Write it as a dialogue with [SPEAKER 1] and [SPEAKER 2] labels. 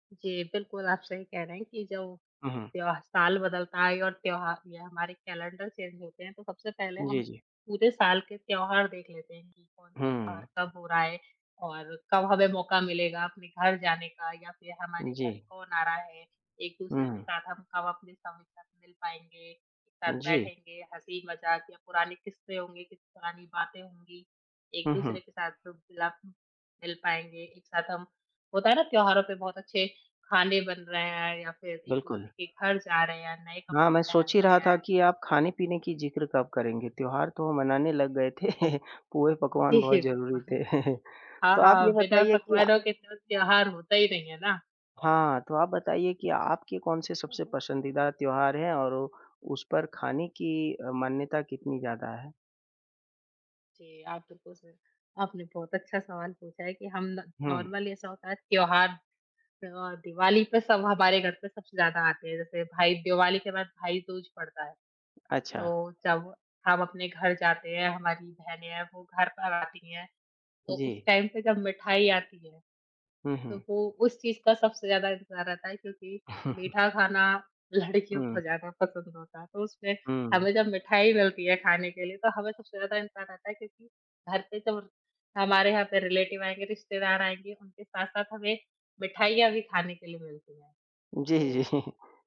[SPEAKER 1] जी, बिल्कुल, आप सही कह रहे हैं कि जो
[SPEAKER 2] हुँ, हुँ।
[SPEAKER 1] त्य जब साल बदलता है और त्योहार या हमारे कैलेंडर चेंज होते हैं तो सबसे पहले हम
[SPEAKER 2] जी, जी।
[SPEAKER 1] पूरे साल के त्योहार देख लेते हैं कि कौन-सा त्योहार
[SPEAKER 2] हुँ।
[SPEAKER 1] कब हो रहा है और कब हमें मौका मिलेगा अपने घर जाने का या फिर हमारे
[SPEAKER 2] जी।
[SPEAKER 1] घर कौन आ रहा है। एक-दूसरे
[SPEAKER 2] हुँ,
[SPEAKER 1] के
[SPEAKER 2] हुँ।
[SPEAKER 1] साथ हम कब अपने [unintelligible] साथ मिल पाएँगे, एक साथ
[SPEAKER 2] उ, जी।
[SPEAKER 1] बैठेंगे, हँसी-मज़ाक या पुरानी किस्से होंगे, कि पुरानी बातें होंगी,
[SPEAKER 2] हुँ,
[SPEAKER 1] एक-दूसरे
[SPEAKER 2] हुँ।
[SPEAKER 1] के साथ [unintelligible] मिल पाएँगे। एक साथ हम होता है ना त्योहारों पर बहुत अच्छे खाने बन रहे हैं या फिर
[SPEAKER 2] बिल्कुल।
[SPEAKER 1] एक-दूसरे के घर जा रहे हैं या नए
[SPEAKER 2] हाँ,
[SPEAKER 1] कपड़े
[SPEAKER 2] मैं सोच
[SPEAKER 1] पहन
[SPEAKER 2] ही
[SPEAKER 1] रहे
[SPEAKER 2] रहा था
[SPEAKER 1] हैं।
[SPEAKER 2] कि आप खाने-पीने की ज़िक्र कब करेंगे, त्योहार तो मनाने लग गए थे, पुए-पकवान
[SPEAKER 1] जी, जी,
[SPEAKER 2] बहुत ज़रूरी
[SPEAKER 1] बिल्कुल।
[SPEAKER 2] थे।
[SPEAKER 1] हाँ,
[SPEAKER 2] तो आप ये
[SPEAKER 1] हाँ, बिना
[SPEAKER 2] बताइए कि अ
[SPEAKER 1] पकवानों के त्योहार होता ही नहीं है ना।
[SPEAKER 2] हाँ, तो आप बताइए कि आपके कौन-से सबसे पसंदीदा त्योहार हैं और उस पर खाने की अ, मान्यता कितनी ज़्यादा है?
[SPEAKER 1] जी, आप बिल्कुल सही आपने बहुत अच्छा सवाल पूछा है कि हम न
[SPEAKER 2] हुँ।
[SPEAKER 1] नॉर्मली ऐसा होता है त्योहार, अ, दिवाली पे सब हमारे घर पे सबसे ज़्यादा आते हैं, जैसे भाई दिवाली के बाद भाई-दूज पड़ता है।
[SPEAKER 2] अच्छा।
[SPEAKER 1] तो जब हम अपने घर जाते हैं, हमारी बहनें हैं, वो घर पर आती हैं तो उस
[SPEAKER 2] जी।
[SPEAKER 1] टाइम पे जब मिठाई आती है,
[SPEAKER 2] हुँ,
[SPEAKER 1] तो
[SPEAKER 2] हुँ।
[SPEAKER 1] वो उस चीज़ का सबसे ज़्यादा इंतज़ार रहता है क्योंकि मीठा खाना लड़कियों
[SPEAKER 2] हुँ।
[SPEAKER 1] को ज़्यादा पसंद होता है। तो उसमें
[SPEAKER 2] हुँ।
[SPEAKER 1] हमें जब मिठाई मिलती है खाने के लिए तो हमें सबसे ज़्यादा इंतज़ार रहता है क्योंकि घर पे जब हमारे यहाँ पे रिलेटिव आएँगे, रिश्तेदार आएँगे, उनके साथ-साथ हमें मिठाइयाँ भी खाने के लिए मिलती हैं।
[SPEAKER 2] जी,
[SPEAKER 1] तो
[SPEAKER 2] जी।